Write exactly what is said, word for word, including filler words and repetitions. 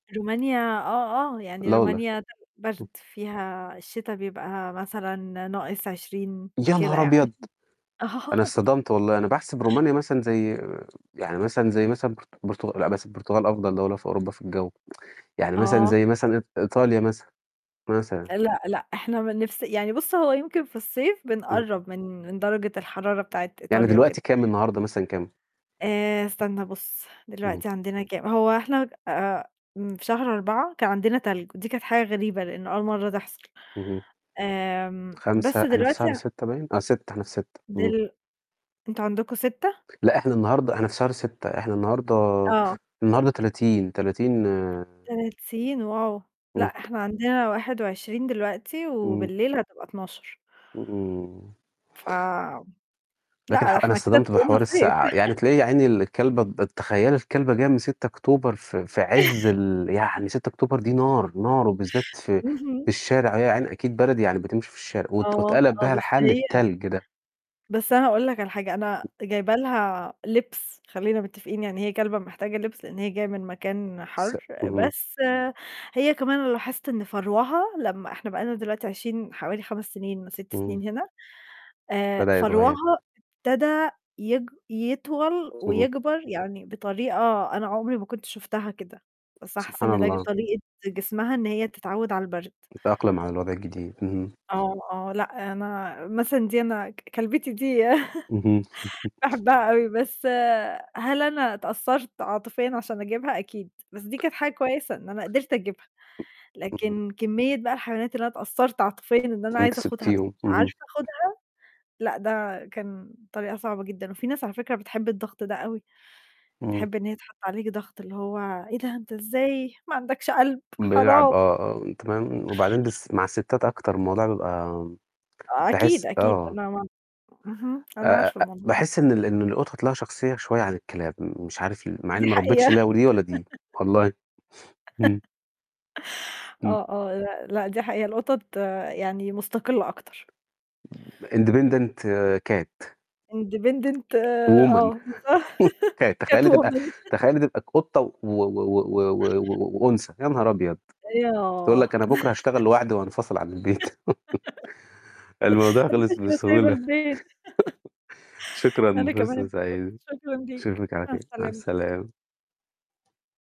رومانيا آه، آه، يعني لا والله! رومانيا [unintelligible] برد امم. فيها الشتا بيبقى مثلًا ناقص عشرين يا كده نهار يعني أبيض. أنا آه اتصطدمت والله أنا باحسب رومانيا مثلًا زي يعني مثلًا زي مثلًا برت برتغ لأ بس البرتغال أفضل دولة في أوروبا في الجو يعني مثلًا آه. زي مثلًا إيط إيطاليا مثلًا، مثلًا. لأ، لأ، إحنا بنفس يعني بُص هو يمكن في الصيف إمم. بنقرب من من درجة الحرارة بتاعة يعني إيطاليا وكده. دلوقتي كام النهاردة مثلًا كام؟ آآ، استنى بُص إمم. دلوقتي عندنا كام هو إحنا آآ، في شهر أربعة كان عندنا تلج ودي كانت حاجة غريبة لأنه أول مرة تحصل، إهم. آمم، خمسة بس إحنا في دلوقتي شهر ستة باين! آه ستة إحنا في ستة امم. دل أنتم عندكم ستة لأ إحنا النهاردة إحنا في شهر ستة إحنا النهاردة آه. النهاردة تلاتين تلاتين تلاتين واو! لأ إمم. إحنا عندنا واحد وعشرين دلوقتي إمم. وبالليل هتبقى اتناشر إمم. ف لكن لأ ده ح أنا إحنا كده اتصطدمت بحوار [unintelligible] صيف السقعة يعني تلاقي يا عيني الكلبة [unintelligible] تخيلي الكلبة جاية من ستة أكتوبر في في عز ال يعني ستة أكتوبر دي نار، نار وبالذات في اهم. في الشارع يا عيني أكيد بلد ييعني بتمشي في الشارع وات آه، واتقلب آه، بيها بس الحال هي للتلج ده. بس أنا أقول لك على حاجة أنا جايبة لها لبس خلينا متفقين يعني هي كلبة محتاجة لبس لأن هي جاية من مكان س حر، إهم. بس هي كمان لاحظت إن فروها لما إحنا بقينا دلوقتي عايشين حوالي خمس سنين ست إمم. سنين هنا. آآ، بدأ فروها يتغير. ابتدأ يك يطول اهم. ويكبر يعني بطريقة أنا عمري ما كنت شُفتها كده، بس أنا حاسة سبحان إن ده الله. طريقة جسمها إن هي تتعود على البرد. تتأقلم على الوضع الجديد إهم. آه، آه، لا، أنا مثلًا دي أنا كلبتي دي اهم. باحبها اوي بس هل أنا اتأثرت عاطفيًا عشان أجيبها أكيد، بس دي كانت حاجة كويسة إن أنا قدرت أجيبها، إمم. لكن كمية بقى الحيوانات اللي أنا اتأثرت عاطفيًا إن أنا وأنتِ عايزة أخدها بس مش اهم. عارفة أخدها، لأ ده كان طريقة صعبة جدًا، وفي ناس على فكرة بتحب الضغط ده أوي. إمم. تحب إن هي تحط عليك ضغط اللي هو "إيه ده أنت إزاي ما عندكش قلب بيلعب حرام." آه، آه، تمام وبعدين بس مع الستات أكتر الموضوع بيبقى أكيد باحس أكيد آه. أنا ما اهم، آآ أنا آآ عارفة آآ الموضوع ده. باحس إن ال إن القطط ليها شخصية شوية عن الكلاب م مش عارف ليه مع دي إني ما حقيقة ربيتش [unintelligible] ولا دي والله، إمم. إمم. آه، آه، لا، لا، دي حقيقة القطط يعني مستقلة أكتر. independent cat. independent woman آه بالضبط ت cat تخيِّلي تبقى woman تخيلي تبقى قطة و و و و و وأنثى يا نهار أبيض بتقول [unintelligible] لك أنا بكرا هأشتغل لواحدي وأنفصل عن البيت الموضوع أنا مش خلص ماشية وسايبة بسهولة لك البيت شكرًا أنا كمان فرصة اتبسطت، سعيدة شكرا ليك نشوفك على مع خير مع السلامة. السلامة.